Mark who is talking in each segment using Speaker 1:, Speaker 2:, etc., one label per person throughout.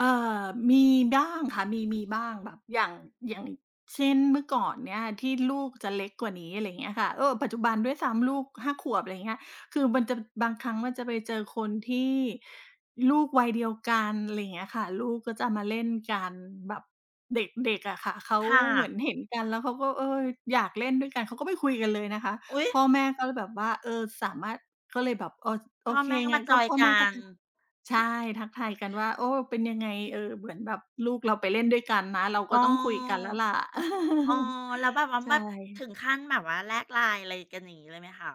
Speaker 1: เอ่อ มีบ้างค่ะ มี มีบ้าง แบบอย่าง อย่างเช่น เมื่อก่อนเนี่ย ที่ลูกจะเล็กกว่านี้ อะไรอย่างเงี้ยค่ะ เออ ปัจจุบันด้วยซ้ำลูก 5 ขวบ อะไรอย่างเงี้ย คือมันจะ บางครั้งมันจะไปเจอคนที่ลูกวัยเดียวกัน อะไรอย่างเงี้ยค่ะ ลูกก็จะมาเล่นกันแบบเด็ก ๆ อะค่ะ เขา
Speaker 2: ค่
Speaker 1: เหมือน
Speaker 2: ะ
Speaker 1: เห็นกัน แล้วเขาก็ เออ อยากเล่นด้วยกัน เขาก็ไปคุยกันเลยนะคะ
Speaker 2: อุ๊ย
Speaker 1: พ่อแม่ก็เลยแบบว่า เออ สามารถ ก็เลยแบบ เออ โ
Speaker 2: พ
Speaker 1: อ
Speaker 2: ่อ
Speaker 1: เค
Speaker 2: แม่ก็
Speaker 1: ง
Speaker 2: ม
Speaker 1: ั
Speaker 2: า
Speaker 1: ้น
Speaker 2: จ
Speaker 1: ก็
Speaker 2: อยน
Speaker 1: พ
Speaker 2: ์
Speaker 1: ่อ
Speaker 2: ก
Speaker 1: แ
Speaker 2: ั
Speaker 1: ม่ก็
Speaker 2: น
Speaker 1: ใช
Speaker 2: เอ
Speaker 1: ่
Speaker 2: อ
Speaker 1: ทักทายกันว่า โอ้ เป็นยังไง? เออ เหมือนแบบลูกเราไปเล่นด้วยกันนะ เรา
Speaker 2: เอ
Speaker 1: ก
Speaker 2: อ
Speaker 1: ็ต้องคุยกันแล้วล่ะ
Speaker 2: เออ แล้วแบบว่า
Speaker 1: ใช
Speaker 2: แบ
Speaker 1: ่
Speaker 2: บถึงขั้นแบบว่า แลก LINE อะไรกัน อย่างงี้เลยไหมคะ?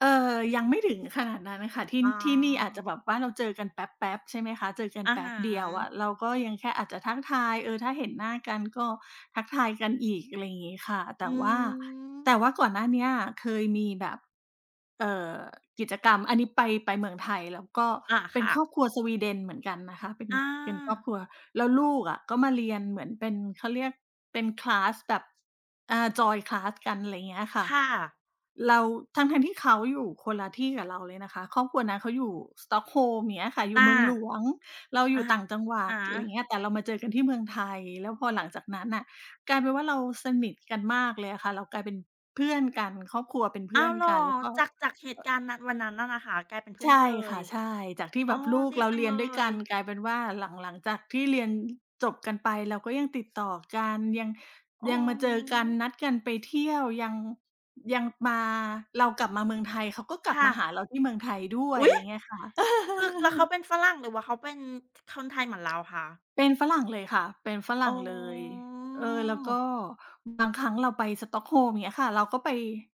Speaker 1: เอ่อ ยังไม่ถึงขนาดนั้นอะค่ะ ที่
Speaker 2: อ๋
Speaker 1: ที่นี่อาจจะ
Speaker 2: อ
Speaker 1: แบบว่าเราเจอกันแป๊บ ๆ ใช่ไหมคะ เจอกัน
Speaker 2: อะ
Speaker 1: แป
Speaker 2: ฮ
Speaker 1: ๊บเดียวอะ
Speaker 2: ะ
Speaker 1: เราก็ยังแค่อาจจะทักทาย เออ ถ้าเห็นหน้ากัน ก็ทักทายกันอีก อะไรอย่างงี้ค่ะ แ
Speaker 2: อ
Speaker 1: ต
Speaker 2: ื
Speaker 1: ่ว่า
Speaker 2: ม
Speaker 1: แต่ว่าก่อนหน้าเนี้ย เคยมีแบบ เอ่อ กิจกรรม อันนี้ไป ไปเมืองไทย แล้วก็
Speaker 2: อา
Speaker 1: เป
Speaker 2: ค
Speaker 1: ็น
Speaker 2: ่
Speaker 1: ครอ
Speaker 2: ะ
Speaker 1: บครัวสวีเดนเหมือนกันนะคะ เป็น
Speaker 2: อ
Speaker 1: เป็นครอบค
Speaker 2: า
Speaker 1: รัว แล้วลูกอะก็มาเรียนเหมือนเป็น เขาเรียกเป็น คลาส แบบ อ่า จอยน์ คลาส กัน อะไรอย่างเงี้ยค่
Speaker 2: ค
Speaker 1: ะ
Speaker 2: ่ะ
Speaker 1: เรา ทั้ง ๆ ที่เขาอยู่คนละที่กับเราเลยนะคะ ครอบครัวนั้นเขาอยู่สตอกโฮล์ม อย่างเงี้ยค่ะ อย
Speaker 2: อ
Speaker 1: ู
Speaker 2: า
Speaker 1: ่เมืองหลวง เราอย
Speaker 2: อะ
Speaker 1: ู่ต่างจังหวั
Speaker 2: ฮ
Speaker 1: ด
Speaker 2: ะ
Speaker 1: อะไรอย่าง
Speaker 2: ๆ
Speaker 1: เงี้ย แต่เรามาเจอกันที่เมืองไทย แล้วพอหลังจากนั้นอะ กลายเป็นว่าเราสนิทกันมากเลยอะค่ะ เรากลายเป็นเพื่อนกัน ครอบครัวเป็นเพ
Speaker 2: อ้
Speaker 1: ื่
Speaker 2: า
Speaker 1: อ
Speaker 2: ว
Speaker 1: น
Speaker 2: เหรอ?
Speaker 1: กัน แล้วก็
Speaker 2: จาก จากเห
Speaker 1: เ
Speaker 2: ต
Speaker 1: อ
Speaker 2: ุ
Speaker 1: ่อ
Speaker 2: การณ์นั้น วันนั้นน่ะนะคะ กลายเป็นเพ
Speaker 1: ใ
Speaker 2: ื่อ
Speaker 1: ช
Speaker 2: น
Speaker 1: ่
Speaker 2: กันเล
Speaker 1: ค
Speaker 2: ย
Speaker 1: ่ะ ใช่ จากที่
Speaker 2: อ
Speaker 1: แ
Speaker 2: ๋
Speaker 1: บ
Speaker 2: อ
Speaker 1: บลูก
Speaker 2: ดี
Speaker 1: เรา
Speaker 2: จั
Speaker 1: เร
Speaker 2: ง
Speaker 1: ีย
Speaker 2: เ
Speaker 1: น
Speaker 2: ล
Speaker 1: ด้วยกัน
Speaker 2: ย
Speaker 1: กลายเป็นว่าหลัง หลังจากที่เรียนจบกันไป เราก็ยังติดต่อกัน ยัง
Speaker 2: อื
Speaker 1: ยั
Speaker 2: อ
Speaker 1: งมาเจอกั
Speaker 2: ฮ
Speaker 1: น
Speaker 2: ึ
Speaker 1: นัดกันไปเที่ยว ยัง ยังมา เรากลับมาเมืองไทย เขาก็กล
Speaker 2: ค
Speaker 1: ับ
Speaker 2: ่
Speaker 1: มาหา
Speaker 2: ะ
Speaker 1: เราที่เมืองไทยด้ว
Speaker 2: อ
Speaker 1: ย
Speaker 2: ุ๊
Speaker 1: อะ
Speaker 2: ย!
Speaker 1: ไรอย่างเงี้ยค่ะ
Speaker 2: คือ แล้วเขาเป็นฝรั่ง หรือว่าเขาเป็นคนไทยเหมือนเราคะ?
Speaker 1: เป็นฝรั่งเลยค่ะ เป็นฝร
Speaker 2: อ
Speaker 1: ั่
Speaker 2: ๋
Speaker 1: งเลย เออ แล้วก็
Speaker 2: อ
Speaker 1: บางครั้งเราไปสตอกโฮล์ม อย่างเงี้ยค่ะ เราก็ไป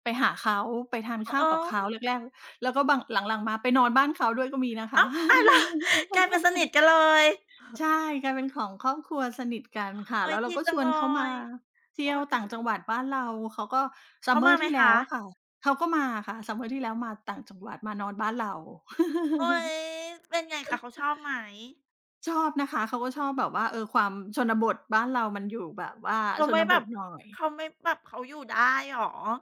Speaker 1: ไปหาเขา ไปทาน
Speaker 2: อ๋
Speaker 1: ข
Speaker 2: อ
Speaker 1: ้า
Speaker 2: เ
Speaker 1: ว
Speaker 2: อ
Speaker 1: กับเขา
Speaker 2: อ
Speaker 1: แรก ๆ แล้วก็บาง หลัง ๆ มาไปนอนบ้านเขาด้วยก็มีนะค
Speaker 2: อ
Speaker 1: ะ
Speaker 2: ้าว! ตาย แล้ว กลายเป็นสนิทกันเลย!
Speaker 1: ใช่ กลายเป็นของครอบครัวสนิทกันค่ะ
Speaker 2: โอ
Speaker 1: แ
Speaker 2: ๊
Speaker 1: ล้
Speaker 2: ย
Speaker 1: วเ
Speaker 2: ด
Speaker 1: รา
Speaker 2: ี
Speaker 1: ก็
Speaker 2: จ
Speaker 1: ช
Speaker 2: ัง
Speaker 1: ว
Speaker 2: เล
Speaker 1: นเขามา
Speaker 2: ย
Speaker 1: เที่
Speaker 2: เออ
Speaker 1: ยว
Speaker 2: ด
Speaker 1: ต
Speaker 2: ี
Speaker 1: ่าง
Speaker 2: จัง
Speaker 1: จั
Speaker 2: เล
Speaker 1: งหว
Speaker 2: ย
Speaker 1: ัดบ้านเรา เขาก็
Speaker 2: เขามา
Speaker 1: summer
Speaker 2: ไห
Speaker 1: ท
Speaker 2: ม
Speaker 1: ี่แล
Speaker 2: ค
Speaker 1: ้
Speaker 2: ะ?
Speaker 1: วอะค่ะ เขาก็มาอะค่ะ summer ที่แล้วมาต่างจังหวัด มานอนบ้านเรา
Speaker 2: โอ๊ย เป็นไงคะ เขาชอบไหม?
Speaker 1: ชอบนะคะ เขาก็ชอบแบบว่า เออ ความชนบทบ้านเรา มันอยู่แบบว่า
Speaker 2: เขา
Speaker 1: ช
Speaker 2: ไม่
Speaker 1: น
Speaker 2: แ
Speaker 1: บ
Speaker 2: บ
Speaker 1: ท
Speaker 2: บ
Speaker 1: หน่อย
Speaker 2: เขาไม่แบบ เขาอยู่ได้เหรอ?